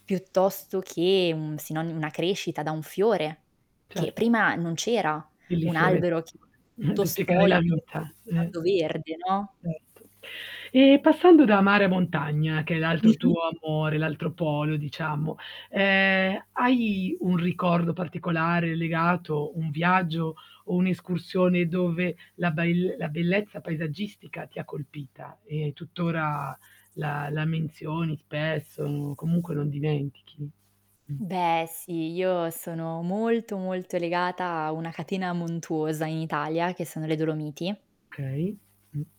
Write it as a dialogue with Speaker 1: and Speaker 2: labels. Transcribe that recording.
Speaker 1: Piuttosto che un sinoni una crescita da un fiore, che
Speaker 2: Certo.
Speaker 1: prima non c'era, un
Speaker 2: Bellissime
Speaker 1: albero
Speaker 2: metafora
Speaker 1: che era tutto
Speaker 2: per spiegare
Speaker 1: spoglio,
Speaker 2: la
Speaker 1: sta
Speaker 2: vita. Eh.
Speaker 1: diventando verde, no?
Speaker 2: Certo. E passando da mare a montagna che è l'altro
Speaker 1: Mh-mh.
Speaker 2: tuo amore, l'altro polo diciamo, ehm, hai un ricordo particolare legato, un viaggio o un'escursione dove la ba il la bellezza paesaggistica ti colpita, e tuttora la la menzioni spesso o comunque non dimentichi? Mh.
Speaker 1: Beh sì, io sono molto, molto legata a una catena montuosa in Italia, che sono le Dolomiti.
Speaker 2: Okay, mh.